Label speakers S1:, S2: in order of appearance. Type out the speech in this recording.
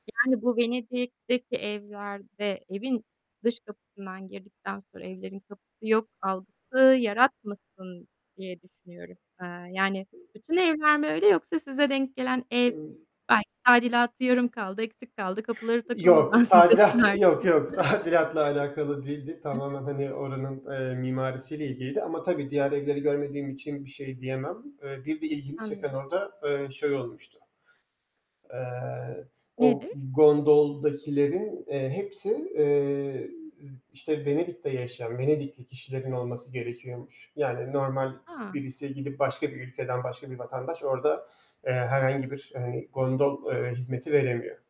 S1: Yani, bu Venedik'teki evlerde, evin dış kapısından girdikten sonra, evlerin kapısı yok algısı yaratmasın diye düşünüyorum. Eee, yani, bütün evler mi öyle yoksa size denk gelen ev,
S2: [unintelligible]
S1: belki tadilatı yarım kaldı, eksik kaldı, kapıları takılmadan
S2: Yok,
S1: size mi
S2: tadilat.
S1: verdiler?
S2: Yok yok, tadilatla alakalı değildi.
S1: Hı hı.
S2: Tamamen, hani, oranın, eee, mimarisiyle ilgiliydi ama tabii diğer evleri görmediğim için bir şey diyemem. Iıı, bir de ilgimi çeken
S1: Anlıyorum.
S2: orda, eee, şey olmuştu. Eee, o
S1: Nedir?
S2: gondoldakilerin, eee, hepsi, eee, ı işte Venedik'te yaşayan, Venedikli kişilerin olması gerekiyormuş. Yani normal
S1: A!
S2: birisi gidip başka bir ülkeden başka bir vatandaş orda, eee, herhangi bir, eee, gondol, eee, hizmeti veremiyor.